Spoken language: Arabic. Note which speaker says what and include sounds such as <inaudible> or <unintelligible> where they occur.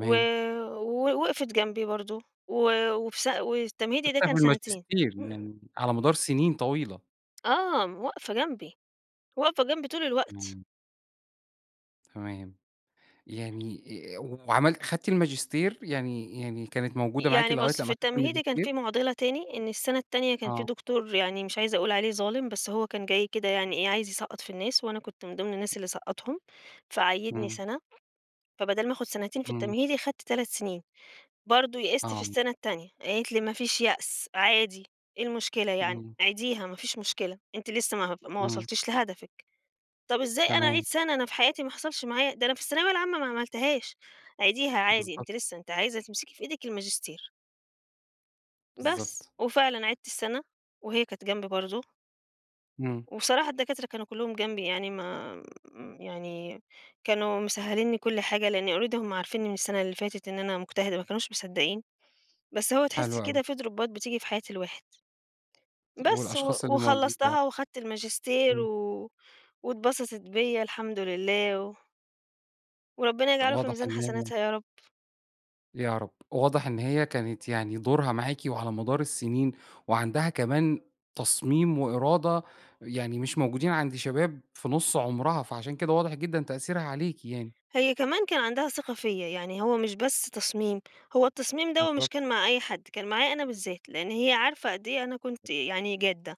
Speaker 1: و و وقْفِت جنبي برضه و وفي س والتمهيدي ده
Speaker 2: <unintelligible>
Speaker 1: كان
Speaker 2: من
Speaker 1: سَنتين.
Speaker 2: الماجستير
Speaker 1: <clears throat>
Speaker 2: من على مدار سِنين طويلة.
Speaker 1: آه. م واقفة جنبي. واقفة جنبي طول الوقت.
Speaker 2: <unintelligible> تمام. يعني آآ وعملت خدتِ الماجستير؟ يعني يعني كانت موجودة معاكِ
Speaker 1: يعني
Speaker 2: لغاية
Speaker 1: بُص، في
Speaker 2: لمّا خدتِ
Speaker 1: التمهيدي كان
Speaker 2: الماجستير؟
Speaker 1: في مُعضِلة تاني، إن السَنة التانية كان في
Speaker 2: آه.
Speaker 1: دكتور يعني مش عايزة أقول عليه ظالم، بس هو كان جاي كده يعني إيه، عايز يسقّط في الناس وأنا كنت من ضِمن الناس اللي سقّطهم، فعيِّدني
Speaker 2: إمم.
Speaker 1: سَنة، فبَدَل ما آخُد سَنتين في
Speaker 2: إمم.
Speaker 1: التمهيدي، خدت 3 سِنين. برضه يئِست في
Speaker 2: آه.
Speaker 1: السَنة التانية، قالت لي: "ما فيش يأس عادي، إيه المشكلة يعني؟
Speaker 2: إمم.
Speaker 1: عيديها ما فيش مشكلة، أنتِ لسّه ما هب ما
Speaker 2: إمم.
Speaker 1: وصلتيش لهدفِك." طب إزاي أنا أعيد
Speaker 2: تمام.
Speaker 1: سَنة؟ أنا في حياتي ما حصلش معايا ده أنا في الثانوية العامة ما عملتهاش. عيديها عادي
Speaker 2: بالضبط.
Speaker 1: أنتِ لسّه، أنتِ عايزة تمسكِ في إيدِك الماجستير. بس.
Speaker 2: بالضبط.
Speaker 1: وفعلًا عِدت السَنة وهي كانت جنبي برضه.
Speaker 2: إمم.
Speaker 1: وبصراحة الدكاترة كانوا كُلّهم جنبي يعني ما م يعني كانوا مسهِّلين لي كل حاجة لإن already هم عارفينّي من السَنة اللي فاتت إن أنا مجتهدة، ما كانوش مصدّقين، بس هو تحِس
Speaker 2: حلو أوي.
Speaker 1: كده في درُوبّات بتيجي في حياة الواحد.
Speaker 2: طب
Speaker 1: بس، و
Speaker 2: والأشخاص اللي موجودة؟
Speaker 1: وخلّصتها وخدت الماجستير
Speaker 2: إمم.
Speaker 1: و واتبسطِت بيّا الحمد لله و وربّنا يجعله في
Speaker 2: واضح
Speaker 1: ميزان
Speaker 2: إن هي
Speaker 1: حسناتها يا رب.
Speaker 2: يا رب. واضح إن هي كانت يعني دورها معاكِ وعلى مدار السِنين وعندها كمان تصميم وإرادة يعني مش موجودين عند شباب في نُص عُمرها، فعشان كده واضح جدًا تأثيرها عليكِ يعني.
Speaker 1: هي كمان كان عندها ثقة فيّا. يعني هو مش بس تصميم، هو التصميم دوّة مش
Speaker 2: بالضبط.
Speaker 1: كان مع أي حد، كان معايا أنا بالذات، لإن هي عارفة قد إيه أنا كنت يعني جادّة.